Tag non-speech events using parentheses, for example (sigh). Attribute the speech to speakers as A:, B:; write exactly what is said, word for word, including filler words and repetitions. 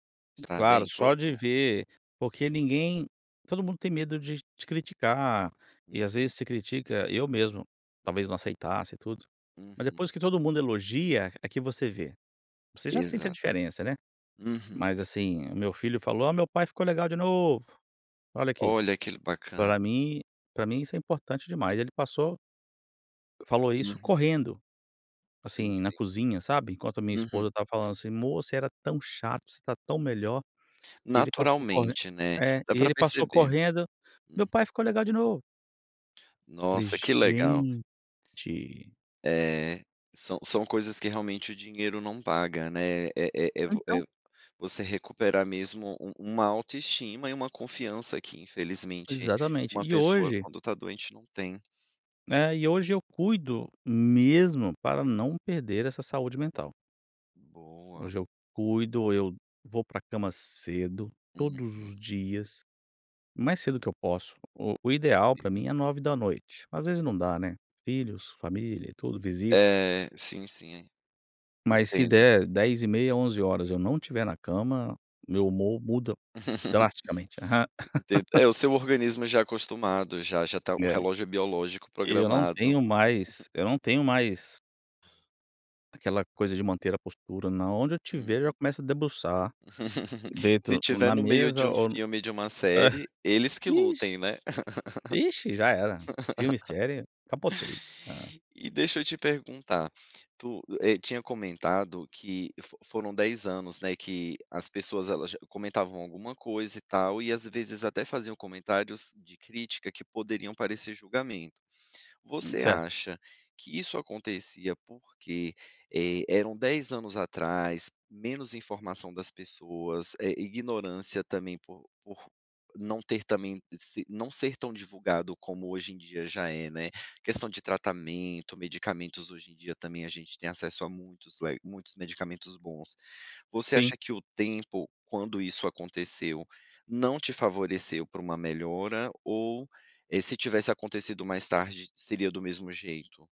A: Estar bem?
B: Claro,
A: Falou,
B: só
A: não
B: de
A: é.
B: ver porque ninguém todo mundo tem medo de te criticar? E às
A: Uhum.
B: vezes você critica eu mesmo talvez não aceitasse e tudo. Mas depois
A: Uhum.
B: que todo mundo elogia, é que você vê. Você já sente a
A: Exato.
B: diferença, né,
A: Uhum.
B: mas, assim, o meu filho falou: "Ah, meu pai ficou legal de novo!" Olha aqui.
A: Olha, que le bacana.
B: Pra mim pra mim isso é importante demais, ele passou falou isso
A: Uhum.
B: correndo,
A: Sim,
B: assim, na
A: sim.
B: cozinha, sabe, enquanto a minha
A: Uhum.
B: esposa estava falando assim: "Mô, você era tão chato, você tá tão melhor", e ele passou corren
A: Naturalmente, né,
B: é,
A: dá
B: e
A: pra
B: ele passou
A: perceber.
B: correndo,
A: Uhum.
B: "meu pai ficou legal de novo". Eu falei:
A: Nossa, que legal!
B: "Gente".
A: É, são são coisas que realmente o dinheiro não paga, né. É é é vo
B: Então
A: é você recuperar mesmo, um uma autoestima e uma confiança que, infelizmente,
B: Exatamente,
A: uma
B: e
A: pessoa
B: hoje
A: quando tá doente não tem.
B: Né. E hoje eu cuido mesmo para não perder essa saúde mental.
A: Boa.
B: Hoje eu cuido, eu vou pra cama cedo, todos
A: Uhum.
B: os dias, o mais cedo que eu posso. O o ideal pra
A: (unintelligible)
B: mim é nove da noite, às vezes não dá, né, filhos, família e tudo, visitas.
A: Eh, sim, sim.
B: Mas se
A: Entendo.
B: der dez e meia, onze horas eu não estiver na cama, meu humor muda
A: (chuckles)
B: drasticamente.
A: Entendo,
B: (chuckles)
A: é o seu organismo já acostumado, já já tá o
B: É.
A: relógio biológico
B: Eu não
A: programado.
B: tenho mais eu não tenho
A: (chuckles)
B: mais aquela coisa de manter a postura na onde eu tiver, eu já
A: Uhum.
B: começo a debruçar,
A: (laughs) Se
B: dentro
A: estiver
B: na
A: no meio de
B: mesa
A: um
B: ou no
A: filme, de uma série,
B: (chuckles)
A: eles que
B: Ixe
A: lutem, né?
B: ixe já era, filme e série, capotei. Hã.
A: (chuckles) E deixa eu te perguntar. Tu, eh, tinha comentado que fo foram dez, anos, né, que as pessoas elas já comentavam alguma coisa, e tal, e às vezes até faziam comentários de crítica, que poderiam parecer julgamento.
B: Hum,
A: Você
B: cer
A: acha que isso acontecia porque, eh, eram dez anos atrás? Menos informação das pessoas? Eh, ignorância também, por por não ter também, se não ser tão divulgado como hoje em dia já é, né, questão de tratamento, medicamentos hoje em dia também a gente tem acesso a muitos, le muitos medicamentos bons. Você
B: Sim.
A: acha que o tempo quando isso aconteceu não te favoreceu pra uma melhora? Ou, eh, se tivesse acontecido mais tarde seria do mesmo jeito?